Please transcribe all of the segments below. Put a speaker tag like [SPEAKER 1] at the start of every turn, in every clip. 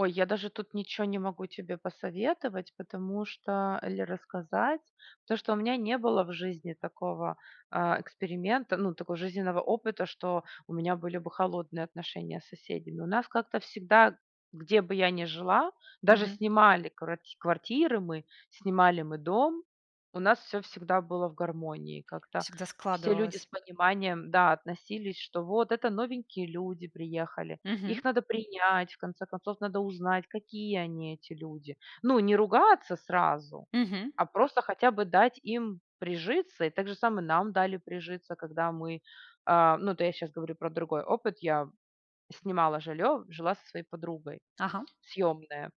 [SPEAKER 1] Ой, я даже тут ниче не могу тебе посоветовать, потому что или рассказать. Потому что у меня не было в жизни такого, э, эксперимента, ну, такого жизненного опыта, что у меня были бы холодные отношения с соседями. У нас как-то всегда, где бы я не жила, даже
[SPEAKER 2] Мгм.
[SPEAKER 1] снимали кварть квартиры мы, снимали мы дом, у нас всё всегда было в гармонии. Как-то
[SPEAKER 2] Всегда
[SPEAKER 1] все люди с
[SPEAKER 2] складывалось.
[SPEAKER 1] пониманием, да, относились, что вот- это новенькие люди приехали,
[SPEAKER 2] Мгм.
[SPEAKER 1] их надо принять, в конце концов, надо узнать, какие они, эти люди. Ну, не ругаться сразу,
[SPEAKER 2] Мгм.
[SPEAKER 1] а просто хотя бы дать им прижиться. И так же самое нам дали прижиться, когда мы, э-э, ну, это я сейчас говорю про другой опыт. Я снимала жилье, жила со своей подругой
[SPEAKER 2] Ага.
[SPEAKER 1] съемная.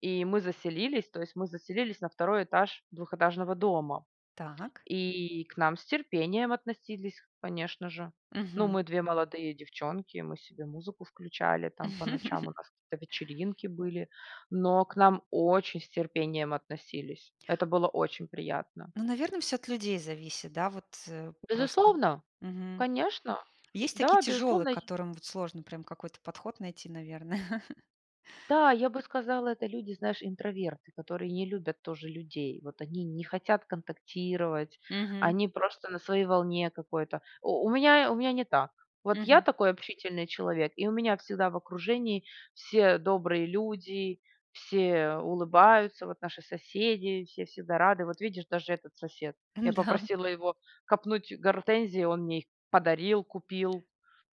[SPEAKER 1] И мы заселились, то есть, мы заселились на 2 этаж двухэтажного дома.
[SPEAKER 2] Так.
[SPEAKER 1] И к нам с терпением относились, конечно же. Ну,
[SPEAKER 2] Мгм.
[SPEAKER 1] мы 2 молодые девчонки, мы себе музыку включали там по ночам, у нас какие-то вечеринки были. Но к нам очень с терпением относились. Это было очень приятно.
[SPEAKER 2] Ну, наверно, всё от людей зависит, да, вот просто.
[SPEAKER 1] Безусловно!
[SPEAKER 2] Мгм.
[SPEAKER 1] Конечно,
[SPEAKER 2] Есть такие
[SPEAKER 1] да,
[SPEAKER 2] тяжелые,
[SPEAKER 1] безусловно
[SPEAKER 2] к
[SPEAKER 1] и
[SPEAKER 2] которым вот сложно прям какой-то подход найти, наверно.
[SPEAKER 1] Да, я бы сказала, это люди, знаешь, интроверты, которые не любят тоже людей. Вот они не хотят контактировать,
[SPEAKER 2] Мгм.
[SPEAKER 1] они просто на своей волне какой-то. У у меня, у меня не так. Вот я
[SPEAKER 2] Мгм.
[SPEAKER 1] такой общительный человек и у меня всегда в окружении все добрые люди, все улыбаются. Вот наши соседи, все всегда рады. Вот видишь, даже этот сосед. Я
[SPEAKER 2] Да
[SPEAKER 1] попросила его копнуть гортензии, он мне их подарил, купил.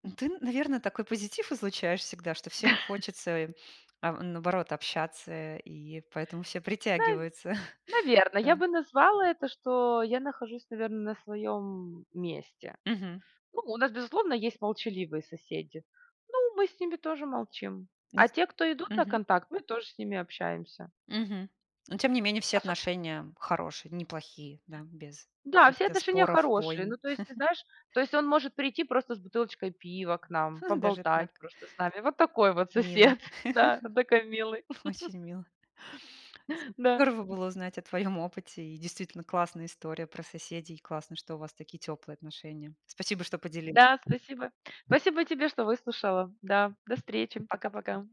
[SPEAKER 2] Ну, ты, наверно, такой позитив излучаешь всегда, что всем хочется, а, наоборот, общаться, э, и поэтому все
[SPEAKER 1] На
[SPEAKER 2] притягиваются.
[SPEAKER 1] наверно, я
[SPEAKER 2] Ага.
[SPEAKER 1] бы назвала это, что я нахожусь, наверно, на своем месте.
[SPEAKER 2] Мгм.
[SPEAKER 1] Ну, у нас, безусловно, есть молчаливые соседи, но мы с ними тоже молчим. А
[SPEAKER 2] Нюс
[SPEAKER 1] те, кто идут на
[SPEAKER 2] Мгм.
[SPEAKER 1] контакт, мы тоже с ними общаемся.
[SPEAKER 2] Мгм. Ну, тем не менее, все
[SPEAKER 1] Особ
[SPEAKER 2] отношения хорошие, неплохие, да, без
[SPEAKER 1] Да, все
[SPEAKER 2] каких-то
[SPEAKER 1] отношения
[SPEAKER 2] споров,
[SPEAKER 1] хорошие. Ну,
[SPEAKER 2] войн.
[SPEAKER 1] то есть, ты знаешь, то есть он может прийти просто с бутылочкой пива к нам,
[SPEAKER 2] Даже
[SPEAKER 1] поболтать
[SPEAKER 2] так.
[SPEAKER 1] просто с нами. Вот такой вот
[SPEAKER 2] Мило.
[SPEAKER 1] сосед, да, такой милый.
[SPEAKER 2] очень мило
[SPEAKER 1] Да.
[SPEAKER 2] Здорово было узнать о твоем опыте. И действительно, классная история про соседей, классно, что у вас такие теплые отношения. Спасибо, что поделилась.
[SPEAKER 1] Да, спасибо. Спасибо тебе, что выслушала. Да, до встречи.
[SPEAKER 2] Пока-пока.
[SPEAKER 1] Пока-пока.